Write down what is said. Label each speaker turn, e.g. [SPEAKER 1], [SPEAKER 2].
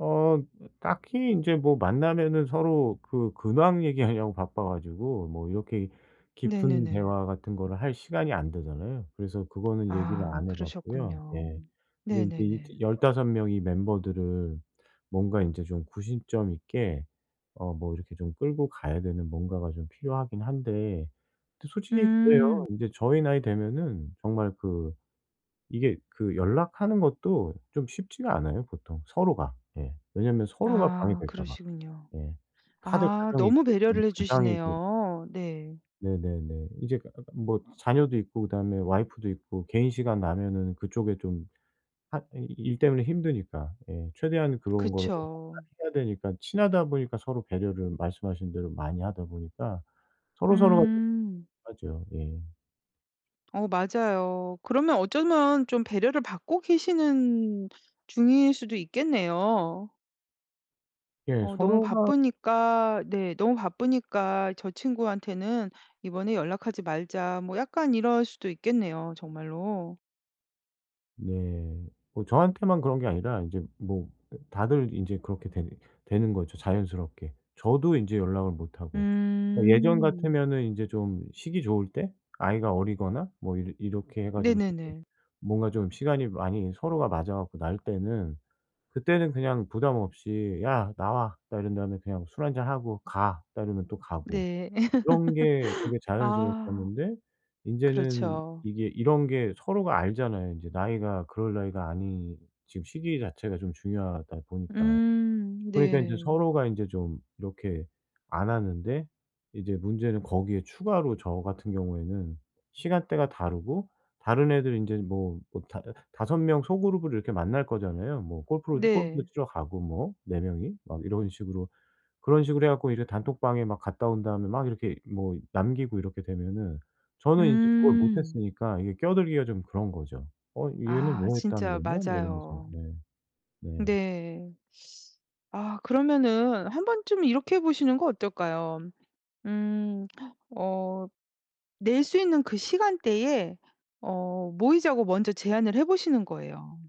[SPEAKER 1] 어 딱히 인제 뭐 만나면은 서로 그 근황 얘기하려고 바빠 가지고 뭐 이렇게 깊은
[SPEAKER 2] 네네네.
[SPEAKER 1] 대화 같은 거를 할 시간이 안 되잖아요. 그래서 그거는 얘기를
[SPEAKER 2] 아
[SPEAKER 1] 안 해 봤고요.
[SPEAKER 2] 그러셨군요.
[SPEAKER 1] 예 근데 이제
[SPEAKER 2] 네네네.
[SPEAKER 1] 15 명의 멤버들을 뭔가 이제 좀 구심점 있게 어 뭐 이렇게 좀 끌고 가야 되는 뭔가가 좀 필요하긴 한데 또 솔직히
[SPEAKER 2] 음.
[SPEAKER 1] 그래요. 인제 저희 나이 되면은 정말 그 이게 그 연락하는 것도 좀 쉽지가 않아요 보통 서로가. 예 왜냐면 서로가
[SPEAKER 2] 아
[SPEAKER 1] 방해될까 봐.
[SPEAKER 2] 그러시군요.
[SPEAKER 1] 예. 다들
[SPEAKER 2] 아
[SPEAKER 1] 가정이
[SPEAKER 2] 너무
[SPEAKER 1] 있고 음
[SPEAKER 2] 배려를 해
[SPEAKER 1] 가장이고
[SPEAKER 2] 주시네요. 네.
[SPEAKER 1] 네네네. 이제 뭐 자녀도 있고 그다음에 와이프도 있고 개인 시간 나면 그 쪽에 좀 핫 이 일 때문에 힘드니까 예 최대한 그런 걸 [unintelligible]
[SPEAKER 2] 그쵸.
[SPEAKER 1] 해야 되니까 친하다 보니까 서로 배려를 말씀하신 대로 많이 하다 보니까 서로서로가
[SPEAKER 2] 음.
[SPEAKER 1] 배려를 하죠. 예.
[SPEAKER 2] 어 맞아요. 그러면 어쩌면 좀 배려를 받고 계시는 중일 수도 있겠네요.
[SPEAKER 1] 예
[SPEAKER 2] 어 너무
[SPEAKER 1] 서로가
[SPEAKER 2] 바쁘니까 네 "너무 바쁘니까 저 친구한테는 이번에 연락하지 말자." 뭐 약간 이럴 수도 있겠네요, 정말로.
[SPEAKER 1] 네. 뭐 저한테만 그런 게 아니라 인제 뭐 다들 인제 그렇게 되 되는 거죠 자연스럽게. 저도 인제 연락을 못 하고. 예전
[SPEAKER 2] 음.
[SPEAKER 1] 같으면은 인제 좀 시기 좋을 때 아이가 어리거나 뭐 이러 이렇게 해 가지고
[SPEAKER 2] 네네네.
[SPEAKER 1] 뭔가 좀 시간이 많이 서로가 맞아 갖고 날 때는 그때는 그냥 부담 없이 "야 나와." 딱 이런 다음에 그냥 술 한잔 하고 "가." 딱 이러면 또 가고.
[SPEAKER 2] 네.
[SPEAKER 1] 이런 게 되게
[SPEAKER 2] 아
[SPEAKER 1] 자연스러웠었는데. 인제는
[SPEAKER 2] 그렇죠.
[SPEAKER 1] 이게 이런 게 서로가 알잖아요. 이제 나이가 그럴 나이가 아니 지금 시기 자체가 좀 중요하다 보니까.
[SPEAKER 2] 음
[SPEAKER 1] 그러니까 인제
[SPEAKER 2] 네.
[SPEAKER 1] 서로가 인제 좀 이렇게 안 하는데 이제 문제는 거기에 추가로 저 같은 경우에는 시간대가 다르고 다른 애들 인제 뭐 뭐 다 5 명 소그룹으로 이렇게 만날 거잖아요. 뭐 골프를 골프도
[SPEAKER 2] 네.
[SPEAKER 1] 치러 가고 뭐 4 명이 막 이런 식으로. 그런 식으로 해 갖고 이제 단톡방에 막 갔다 온 다음에 막 이렇게 뭐 남기고 이렇게 되면은 저는 인제 그걸 못
[SPEAKER 2] 음.
[SPEAKER 1] 했으니까 이게 끼어들기가 좀 그런 거죠. "어 얘는
[SPEAKER 2] 아
[SPEAKER 1] 뭐 했다는
[SPEAKER 2] 진짜
[SPEAKER 1] 거냐?" 막 이러면서
[SPEAKER 2] 맞아요.
[SPEAKER 1] 네 네.
[SPEAKER 2] 네. 아 그러면은 한 번쯤 이렇게 해 보시는 거 어떨까요? 음, 어 낼 수 있는 그 시간대에 어 모이자고 먼저 제안을 해 보시는 거예요.